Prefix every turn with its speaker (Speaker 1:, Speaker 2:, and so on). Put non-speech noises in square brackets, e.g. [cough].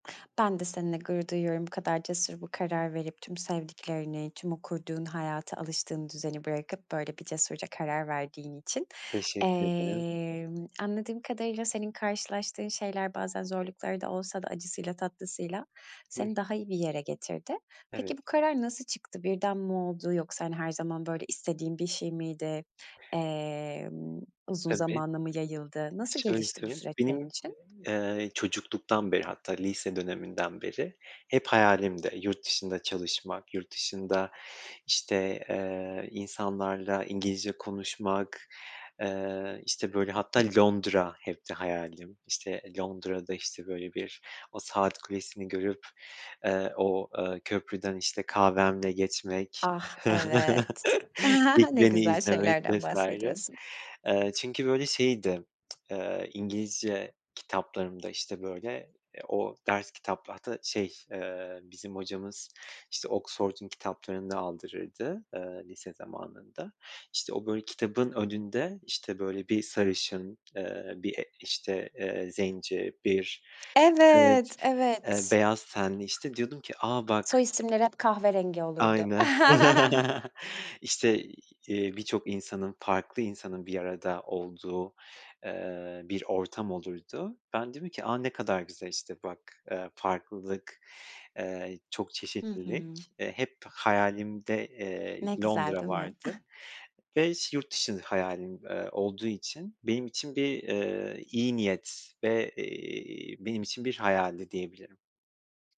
Speaker 1: Ben de seninle gurur duyuyorum, bu kadar cesur bir karar verip, tüm sevdiklerini, tüm o kurduğun hayatı, alıştığın düzeni, bırakıp böyle bir cesurca karar verdiğin için,
Speaker 2: Teşekkür ederim.
Speaker 1: emm, anladığım kadarıyla senin karşılaştığın şeyler bazen zorlukları da olsa da acısıyla tatlısıyla
Speaker 2: Hıh.
Speaker 1: seni daha iyi bir yere getirdi.
Speaker 2: Evet.
Speaker 1: Peki bu karar nasıl çıktı? Birden mi oldu? Yoksa hani her zaman böyle istediğin bir şey miydi? Emm, uzun
Speaker 2: Tabii.
Speaker 1: zamana mı yayıldı? Nasıl
Speaker 2: Şöyle
Speaker 1: gelişti bu
Speaker 2: söyleyeyim.
Speaker 1: süreç senin
Speaker 2: Benim,
Speaker 1: için?
Speaker 2: ııı, çocukluktan beri, hatta lise döneminden beri hep hayalimdi. Yurt dışında çalışmak, yurt dışında işte, ııı, insanlarla İngilizce konuşmak, ııı, işte böyle hatta Londra hepti hayalim. İşte Londra'da işte böyle bir o saat kulesini görüp, ııı, o, ııı, köprüden işte kahvemle geçmek.
Speaker 1: Ah
Speaker 2: [chuckles]
Speaker 1: evet,
Speaker 2: Big
Speaker 1: [chuckles] ne
Speaker 2: Ben´i
Speaker 1: güzel
Speaker 2: izlemek
Speaker 1: şeylerden
Speaker 2: vs.
Speaker 1: bahsediyorsun.
Speaker 2: eee, çünkü böyle şeydi, [smacks lips] ııı, İngilizce kitaplarımda, işte böyle, o ders kitap hatta şey, ııı, bizim hocamız işte, Oxford'un kitaplarını da aldırırdı, ııı, lise zamanında işte o böyle kitabın önünde, işte böyle bir sarışın, ııı, bir işte, eee, zenci, bir evet,
Speaker 1: Evet,
Speaker 2: ııı,
Speaker 1: evet.
Speaker 2: beyaz tenli işte diyordum ki, a,
Speaker 1: Soy
Speaker 2: bak
Speaker 1: isimleri hep kahverengi olurdu.
Speaker 2: Aynen
Speaker 1: [chuckles]
Speaker 2: [chuckles] işte, eee, birçok insanın, farklı insanın bir arada olduğu, eee, bir ortam olurdu. Ben diyordum ki, a, ne kadar güzel işte bak, ııı, farklılık, ııı, çok
Speaker 1: Hı
Speaker 2: çeşitlilik,
Speaker 1: hı.
Speaker 2: eee, hep hayalimde, eee,
Speaker 1: Ne güzel
Speaker 2: Londra
Speaker 1: değil mi?
Speaker 2: vardı
Speaker 1: [chuckles]
Speaker 2: ve ş yurt dışı hayalim, ııı, olduğu için benim için bir, ııı, iyi niyet ve, iii, benim için bir hayaldi diyebilirim.